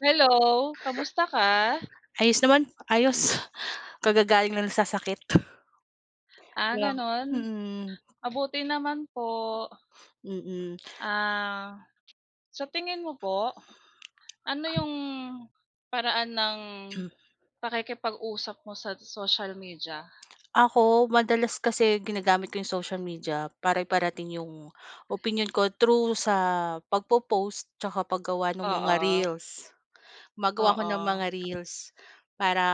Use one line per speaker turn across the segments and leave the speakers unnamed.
Hello, kamusta ka?
Ayos naman ayos kagagaling lang sa sakit.
Ah,
Kaya nga,
ganon?
mm.
Mabuti naman po.
Mm.
Ah, sa tingin mo po, ano yung paraan ng pakikipag-usap mo sa social media?
Ako, madalas kasi ginagamit ko yung social media para iparating yung opinyon ko through sa pagpo-post tsaka paggawa ng mga
Oo.
reels. Gumagawa ako ng
Oo.
mga reels para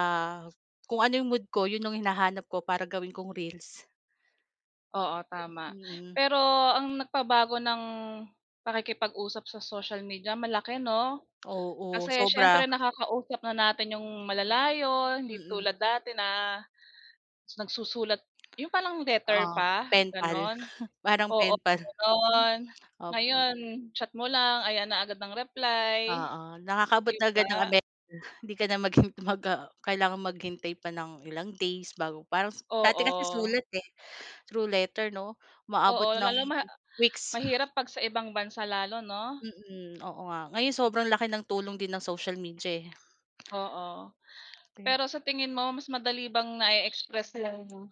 kung ano yung mood ko yun yung hinahanap ko para gawin kong reels,
Oo, tama,
mm.
pero ang nagpabago ng pakikipag-usap sa social media, malaki 'no,
Oo,
kasi
sobra.
siyempre nakakausap na natin yung malalayo, hindi
Mm.
tulad dati na nagsusulat yung parang letter
Oo,
pa,
penpal
gano'n,
parang
oo,
penpal.
gano'n. Ngayon, chat mo lang, ayan na agad ang reply,
Oo, nakakaabot
di
na agad ng
ba?
Amer hindi ka na maghint mag ah, kailangang maghintay pa ng ilang days bago parang s dati kasi
Oo.
sulat, eh, through letter, 'no, umaabot
Oo,
ng
lalo ma
weeks.
mahirap kapag sa ibang bansa lalo, 'no?
Mm, oo nga, ngayon sobrang laki ng tulong din ng social media, eh.
Oo, pero sa tingin mo mas madali bang na-e-express iyong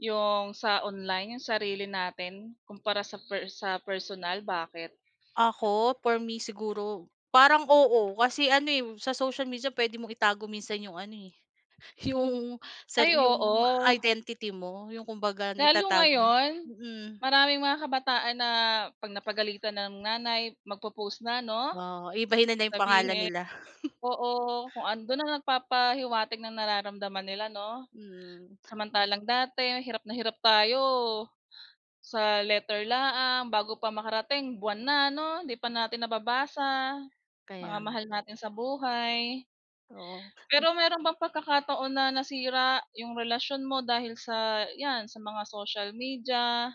yong sa online 'yong sarili natin kumpara sa per sa personal, bakit?
Ako, for me siguro, parang, oo. Kasi ano, eh, sa social media pwede mong itago minsan yung ano, eh, yung sa
Ay,
yung
oo.
identity mo yung kumbaga,
Lalo
naitatago
ngayon,
mm.
maraming mga kabataan na 'pag napagalitan ng nanay, magpo-post na, 'no?
Oh, iibahin na 'yong pangalan
Sabihin
nila.
oo, kung andoon, nagpapahiwatig ng nararamdaman nila, 'no.
Mm.
Samantalang dati hirap na hirap tayo. Sa letter laang bago pa makarating, buwan na 'no? Hindi pa natin nababasa,
Kaya
mga
nga.
mahal natin sa buhay.
Oo.
Pero meron bang pagkakataon na nasira yung relasyon mo dahil sa yan, sa mga social media?